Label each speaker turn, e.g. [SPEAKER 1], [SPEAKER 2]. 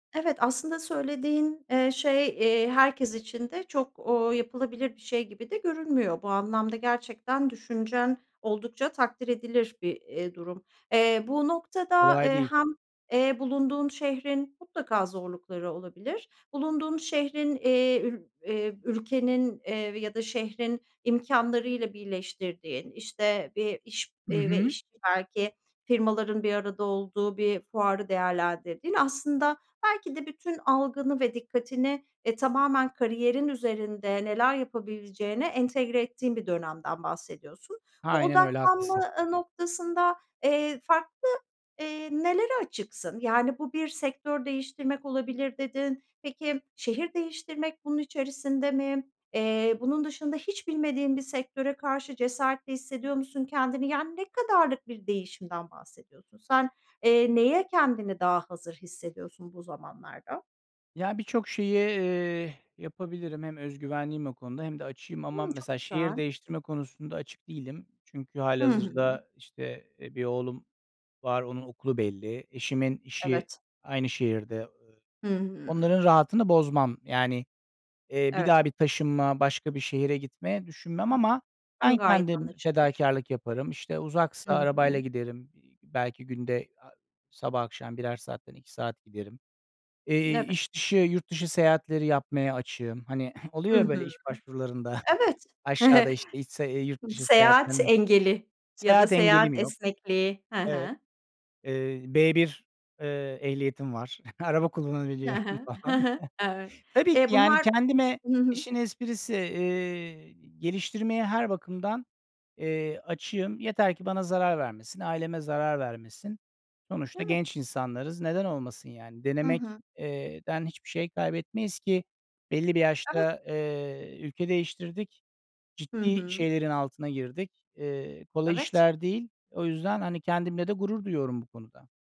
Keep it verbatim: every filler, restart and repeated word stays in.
[SPEAKER 1] Evet, aslında söylediğin, eee, şey, eee, herkes için de çok, ooo, yapılabilir bir şey gibi de görünmüyor. Bu anlamda gerçekten düşüncen oldukça takdir edilir bir, eee, durum. Eee, bu noktada,
[SPEAKER 2] Kolay
[SPEAKER 1] eee,
[SPEAKER 2] değil.
[SPEAKER 1] hem, eee, bulunduğun şehrin mutlaka zorlukları olabilir. Bulunduğun şehrin, eee, ül eee, ülkenin, eee, ya da şehrin imkânlarıyla birleştirdiğin, işte, bir iş
[SPEAKER 2] Hı
[SPEAKER 1] ve
[SPEAKER 2] hı.
[SPEAKER 1] iş belki firmaların bir arada olduğu bir fuarı değerlendirdiğin. Aslında belki de bütün algını ve dikkatini, e, tamamen kariyerin üzerinde neler yapabileceğine entegre ettiğin bir dönemden bahsediyorsun. Bu
[SPEAKER 2] Aynen öyle,
[SPEAKER 1] odaklanma,
[SPEAKER 2] haklısın.
[SPEAKER 1] ııı, noktasında, eee, farklı, eee, nelere açıksın? Yani, bu bir sektör değiştirmek olabilir dedin. Peki, şehir değiştirmek bunun içerisinde mi? Eee, bunun dışında hiç bilmediğin bir sektöre karşı cesaretli hissediyor musun kendini? Yani, ne kadarlık bir değişimden bahsediyorsun? Sen, eee, neye kendini daha hazır hissediyorsun bu zamanlarda?
[SPEAKER 2] Ya, birçok şeyi, eee, yapabilirim. Hem özgüvenliyim o konuda hem de açığım. Ama
[SPEAKER 1] Hımm, çok
[SPEAKER 2] mesela şehir
[SPEAKER 1] güzel.
[SPEAKER 2] değiştirme konusunda açık değilim. Çünkü
[SPEAKER 1] Hı hı.
[SPEAKER 2] hâlihazırda, işte, e, bir oğlum var, onun okulu belli. Eşimin işi
[SPEAKER 1] Evet.
[SPEAKER 2] aynı şehirde. I
[SPEAKER 1] Hı hı.
[SPEAKER 2] onların rahatını bozmam. Yani, eee, bir
[SPEAKER 1] Evet.
[SPEAKER 2] daha bir taşınma, başka bir şehre gitme düşünmem
[SPEAKER 1] Hı hı.
[SPEAKER 2] ama
[SPEAKER 1] Hıı,
[SPEAKER 2] ben
[SPEAKER 1] gayet
[SPEAKER 2] kendim
[SPEAKER 1] anlaşılır.
[SPEAKER 2] fedakârlık yaparım. İşte, uzaksa
[SPEAKER 1] HI
[SPEAKER 2] arabayla
[SPEAKER 1] hı.
[SPEAKER 2] giderim. İii, belki günde a sabah akşam birer saatten iki saat giderim. Eee,
[SPEAKER 1] N evet.
[SPEAKER 2] iş dışı, yurt dışı seyahatleri yapmaya açığım. Hani oluyor
[SPEAKER 1] Hı
[SPEAKER 2] ya, böyle,
[SPEAKER 1] hı.
[SPEAKER 2] iş başvurularında
[SPEAKER 1] Evet.
[SPEAKER 2] aşağıda, işte, hiç se eee, yurt dışı
[SPEAKER 1] Seyahat
[SPEAKER 2] seyahatlerine
[SPEAKER 1] engeli ya da
[SPEAKER 2] Seyahat
[SPEAKER 1] seyahat
[SPEAKER 2] engelim yok,
[SPEAKER 1] esnekliği. He
[SPEAKER 2] evet.
[SPEAKER 1] he.
[SPEAKER 2] Eee, B1, eee, ehliyetim var. Araba
[SPEAKER 1] He
[SPEAKER 2] kullanabiliyorum
[SPEAKER 1] he. He
[SPEAKER 2] falan.
[SPEAKER 1] he. Evet.
[SPEAKER 2] Tabii
[SPEAKER 1] Eee,
[SPEAKER 2] ki, yani,
[SPEAKER 1] bunlar
[SPEAKER 2] kendime
[SPEAKER 1] Imm, hı hı.
[SPEAKER 2] işin esprisi, eee, geliştirmeye her bakımdan, eee, açığım. Yeter ki bana zarar vermesin, aileme zarar vermesin. Sonuçta
[SPEAKER 1] Evet.
[SPEAKER 2] genç insanlarız. Neden olmasın yani?
[SPEAKER 1] Hı
[SPEAKER 2] Denemek
[SPEAKER 1] hı.
[SPEAKER 2] eee, den hiçbir şey kaybetmeyiz ki belli bir
[SPEAKER 1] Evet.
[SPEAKER 2] yaşta, eee, ülke değiştirdik.
[SPEAKER 1] Hı
[SPEAKER 2] Ciddi
[SPEAKER 1] hı.
[SPEAKER 2] şeylerin altına girdik. Eee, kolay
[SPEAKER 1] Evet.
[SPEAKER 2] işler değil. O yüzden, hani, kendimle de gurur duyuyorum bu konuda.